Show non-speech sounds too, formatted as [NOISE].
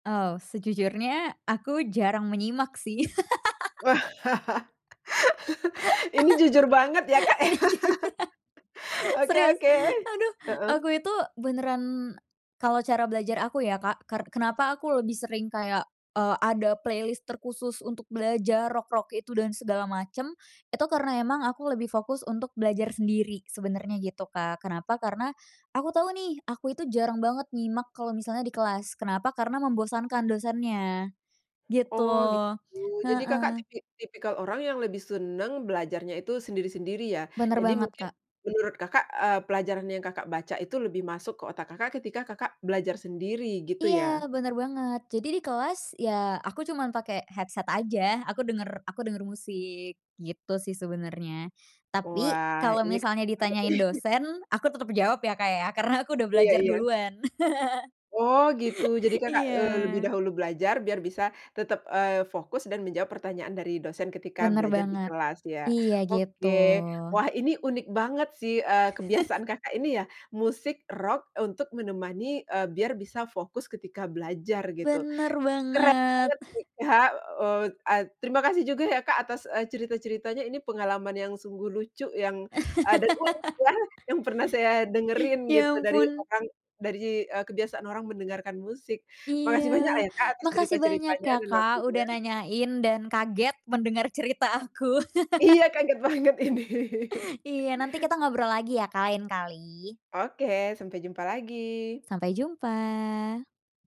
Oh, sejujurnya aku jarang menyimak sih. [LAUGHS] Ini jujur banget ya, Kak, [LAUGHS] ya, Ini jujur [CHUCKLES] oke serius, oke, aduh. heeh. Aku itu beneran kalau cara belajar aku ya, Kak, ker kenapa aku lebih sering kayak, eee, ada playlist terkhusus untuk belajar rock-rock itu dan segala macam. Itu karena emang aku lebih fokus untuk belajar sendiri sebenarnya, gitu Kak. Kenapa? Karena aku tahu nih, aku itu jarang banget nyimak kalau misalnya di kelas. Kenapa? Karena membosankan dosennya, gitu, Oh, gitu. Jadi, Kakak heeh. tipi tipikal orang yang lebih senang belajarnya itu sendiri-sendiri, ya. Benar Jadi banget, mungkin Kak. menurut Kakak, eee, pelajaran yang Kakak baca itu lebih masuk ke otak Kakak, ketika Kakak belajar sendiri gitu Iya ya? benar banget, jadi di kelas ya aku cuman pake headset aja, aku denger aku denger musik, gitu sih sebenernya, tapi Wah kalo ini, misalnya menarik ditanyain nih. dosen aku tetep jawab ya, Kak, ya karena aku udah Iya belajar iya. duluan. [LAUGHS] Oh, gitu, jadi Kakak, eee, lebih Iya. dahulu belajar biar bisa tetap, eee, fokus dan menjawab pertanyaan dari dosen ketika Benar belajar di banget, kelas, ya iya gitu. oke. Wah, ini unik banget sih, eee, kebiasaan [CHUCKLES] Kakak ini ya, musik rock untuk menemani, eee, biar bisa fokus ketika belajar, gitu. Benar Keren banget banget. nih, Kak, eee, ad terima kasih juga ya, Kak, atas, eee, cerita-ceritanya. Ini pengalaman yang sungguh lucu yang ada pun [LAUGHS] ya yang pernah saya dengerin Ya gitu dari ampun. orang, dari, eee, kebiasaan orang mendengarkan musik. Iya, Makasih banyak ya, Kak, atas makasih banyak cerita-ceritanya ya, dan Kak, udah waktunya. nanyain dan kaget mendengar cerita aku. Iya kaget [LAUGHS] banget ini. [CHUCKLES] Iya nanti kita ngobrol lagi ya, Kak, lain kali. Oke sampai jumpa lagi. Sampai jumpa.